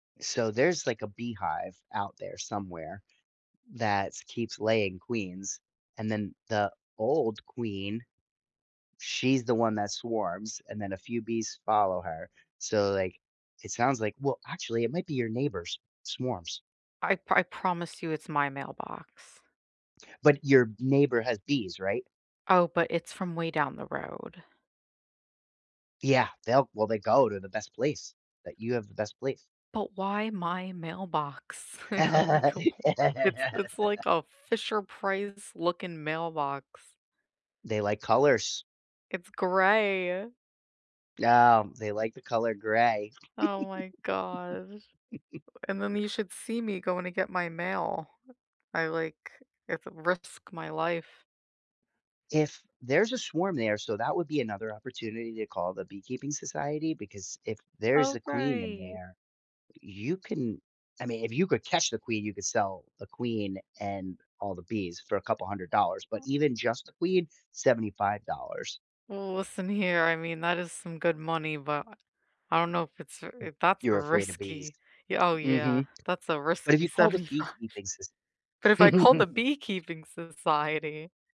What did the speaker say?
So there's like a beehive out there somewhere that’s keeps laying queens, and then the old queen she's the one that swarms and then a few bees follow her. So like it sounds like well, actually it might be your neighbors swarms. I I promise you it's my mailbox. But, your neighbor has bees, right? Oh, but it's from way down the road. Yeah, they'll well, they go to the best place that you have the best place. But why my mailbox? [unintelligible] It's it's like a Fisher Price looking mailbox. They like colors. It's gray. No, they like the color gray. Oh my gosh. And then you should see me going to get my mail. I like it's risk my life. If there's a swarm there, so that would be another opportunity to call the beekeeping society because if there's Oh, a queen in right. there, you can I mean, if you could catch the queen, you could sell the queen and all the bees for a couple $100 but even just the queen, $75. Well, listen here, I mean, that is some good money, but I don't know if it's if that's a You're afraid of bees. risky yeah, oh Mhm. yeah, that's a But if risky you call the 75, beekeeping soci but if I call the beekeeping society